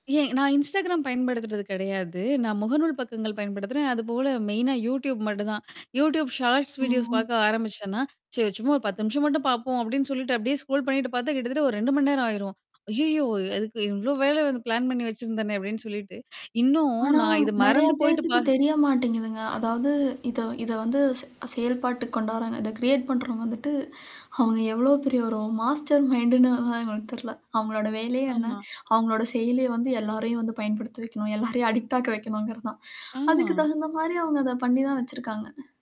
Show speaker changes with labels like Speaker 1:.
Speaker 1: ஏன் நான் Instagram பயன்படுத்துறது கிடையாது. நான் முகநூல் பக்கங்கள் பயன்படுத்துறேன். அதுபோல மெயினா Youtube மட்டும்தான். Youtube ஷார்ட்ஸ் வீடியோஸ்
Speaker 2: ஆ.
Speaker 1: பார்க்க ஆரம்பிச்சேன்னா, "சரி சும்மா ஒரு 10 நிமிஷம் மட்டும் பார்ப்போம்" அப்பிடின்னு சொல்லிட்டு அப்பிடியே ஸ்க்ரோல் பண்ணிட்டு பார்த்தா கிட்டத்தட்ட ஒரு 2:00 மணி நேரம் ஆயிரும். "அய்யயோ! அதுக்கு இவ்ளோ வேலை வந்து பிளான் பண்ணி வச்சிருந்தேனே" அப்பிடின்னு சொல்லிட்டு இன்னும்
Speaker 2: ஆனா,
Speaker 1: நான் இத
Speaker 2: நிறைய
Speaker 1: மறந்து போயிட்டு
Speaker 2: பேத்துக்கு
Speaker 1: பா
Speaker 2: தெரிய மாட்டேங்கிதுங்க. அதாவது இத இத வந்து செ செயல்பாட்டுக்கு கொண்டுவராங்க. இத கிரியேட் பண்றவுங்க வந்துவிட்டு, அவுங்க எவ்ளோ பெரிய ஒரு மாஸ்டர் மைண்ட்ன்னு எங்களுக்கு தெரில. அவுங்களோட வேலையே என்ன?
Speaker 1: ஆமா.
Speaker 2: அவுங்களோட செயலிய வந்து எல்லாரையும் வந்து பயன்படுத்த வைக்கணும். எல்லாரையும் அடிக்ட் ஆக வைக்கணுங்கிறதுதான்
Speaker 1: ஆமா.
Speaker 2: அதுக்கு தகுந்தமாரி அவுங்க அத பண்ணிதான் வச்சிருக்காங்க.